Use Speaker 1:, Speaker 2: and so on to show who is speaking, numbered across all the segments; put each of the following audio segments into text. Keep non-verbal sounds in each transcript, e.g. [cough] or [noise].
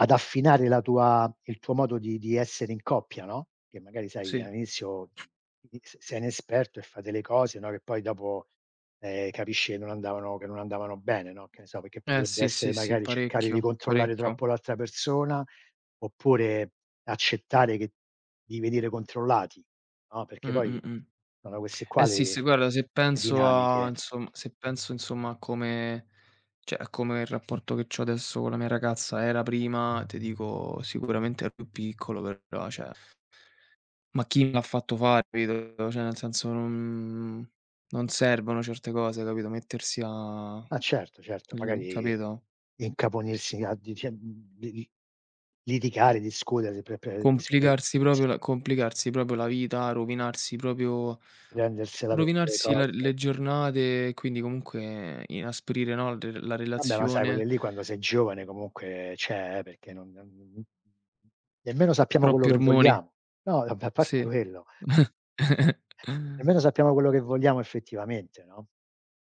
Speaker 1: Ad affinare la tua il tuo modo di di essere in coppia, no, che magari, sai,
Speaker 2: Sì.
Speaker 1: all'inizio all'iniz sei inesperto e fai delle cose, no, che poi dopo, ehm, capisci che non andavano che non andavano bene, no, che ne so, perché
Speaker 2: Eh,
Speaker 1: potrebbe
Speaker 2: sì,
Speaker 1: essere,
Speaker 2: sì, sì,
Speaker 1: magari, cercare di
Speaker 2: parecchio,
Speaker 1: controllare
Speaker 2: parecchio.
Speaker 1: troppo l'altra persona, oppure accettare che di venire controllati, no,
Speaker 2: Mh,
Speaker 1: perché
Speaker 2: mh,
Speaker 1: poi
Speaker 2: mh.
Speaker 1: sono queste qua
Speaker 2: Eh sì, sì,
Speaker 1: le
Speaker 2: guarda, se
Speaker 1: le
Speaker 2: penso a
Speaker 1: dinamiche.
Speaker 2: insomma se penso, insomma, a come cioè, a come il rapporto che c'ho adesso con la mia ragazza era prima, te dico sicuramente è più piccolo, però, cioè, [lip trill] ma chi me l'ha fatto fa, capito; cioè, nel senso, non non servono certe cose, capito, mettersi a
Speaker 1: Ma certo, certo.
Speaker 2: lì,
Speaker 1: Magari,
Speaker 2: capito?
Speaker 1: incaponirsi a dice mhmm, lidi litigare, discutere, pre pe discue
Speaker 2: Complicarsi
Speaker 1: sì.
Speaker 2: proprio la complicarsi proprio la vita, rovinarsi proprio
Speaker 1: Prendersela per delle
Speaker 2: rovinarsi la
Speaker 1: cose.
Speaker 2: le giornate e quindi, comunque, inasprire, no, re la
Speaker 1: Vabbè, ma sai quelle
Speaker 2: relazione.
Speaker 1: lì quando sei giovane, comunque cioè, perché non non n n n n nemmeno sappiamo quello
Speaker 2: Troppi
Speaker 1: che
Speaker 2: ormoni.
Speaker 1: vogliamo. No, vabbè, a parte
Speaker 2: Sì.
Speaker 1: quello nemmeno
Speaker 2: [chuckles]
Speaker 1: sappiamo quello che vogliamo effettivamente, no.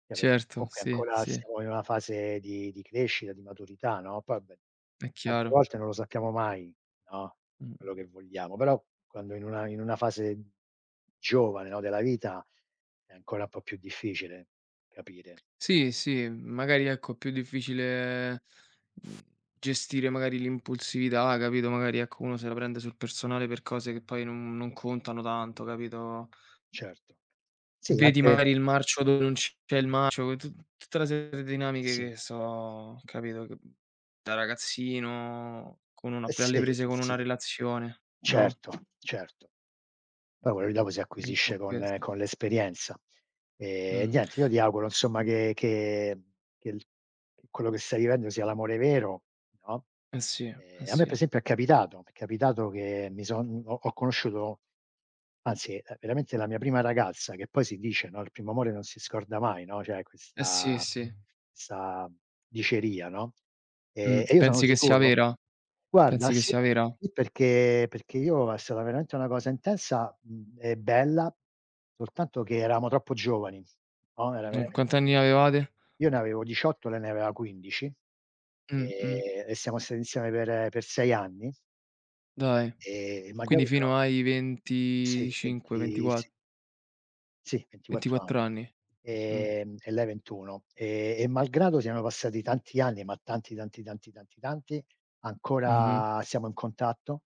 Speaker 1: Cioè per
Speaker 2: Certo.
Speaker 1: comunque
Speaker 2: Sì,
Speaker 1: ancora
Speaker 2: sì.
Speaker 1: stiamo in una fase di di crescita, di maturità, no; poi beh,
Speaker 2: È
Speaker 1: tante
Speaker 2: chiaro.
Speaker 1: volte non lo sappiamo mai, no, quello
Speaker 2: Mh-mh.
Speaker 1: che vogliamo. Però quando in una in una fase giovane, no, della vita è ancora un po' più difficile capire.
Speaker 2: Sì, sì, mhmm, magari, ecco, è più difficile, uhm, gestire, magari, l'impulsività, capito, magari, ecco, uno se la prende sul personale per cose che poi non non contano tanto, capito?
Speaker 1: Certo. Sì,
Speaker 2: Vedi
Speaker 1: anche
Speaker 2: magari il marcio dove non c'è il marcio, t tutta una serie de dinamiche
Speaker 1: Sì.
Speaker 2: che so capito, che da ragazzino con uno
Speaker 1: Eh,
Speaker 2: ap alle
Speaker 1: sì,
Speaker 2: prese
Speaker 1: sì,
Speaker 2: con una
Speaker 1: sì.
Speaker 2: relazione, no?
Speaker 1: Certo, certo. Poi quello lì dopo si
Speaker 2: Mh, ho
Speaker 1: acquisisce
Speaker 2: chiesto.
Speaker 1: con con l'esperienza. Ehm,
Speaker 2: Mh.
Speaker 1: niente, io ti auguro, insomma, che che che l quello che stai vivendo sia l'amore vero, no.
Speaker 2: Eh sì, eh
Speaker 1: Ehm, a me per
Speaker 2: sì.
Speaker 1: esempio è capitato m'è capitato che mi son ho ho conosciuto anzi, ehm, veramente la mia prima ragazza che poi si dice, no, il primo amore non si scorda mai, no, c'è
Speaker 2: Eh sì,
Speaker 1: questa
Speaker 2: sì.
Speaker 1: 'sta diceria, no;
Speaker 2: Mh,
Speaker 1: e e io sono
Speaker 2: pensi che sia
Speaker 1: sicuro
Speaker 2: vera?
Speaker 1: guarda,
Speaker 2: Pensi che
Speaker 1: sì,
Speaker 2: sia vera?
Speaker 1: perché perché io è stata veramente una cosa intensa, uhm, e bella, soltanto che eravamo troppo giovani, no; era
Speaker 2: Mh,
Speaker 1: veramen
Speaker 2: quanti anni avevate?
Speaker 1: Io ne avevo 18, lei ne aveva 15.
Speaker 2: Mh, mh.
Speaker 1: Ehm, e siamo stati insieme per per 6 anni.
Speaker 2: Dài.
Speaker 1: Ehm, magari,
Speaker 2: Quindi fino
Speaker 1: però
Speaker 2: ai
Speaker 1: Sì,
Speaker 2: 25,
Speaker 1: venti
Speaker 2: ventiqua
Speaker 1: sì. Sì, 24
Speaker 2: 24
Speaker 1: anni.
Speaker 2: anni. Mh.
Speaker 1: Ehm, e lei 21; e e malgrado siano passati tanti anni, ma tanti, tanti, tanti, tanti, tanti,
Speaker 2: Mh-mh.
Speaker 1: ancora siamo in contatto.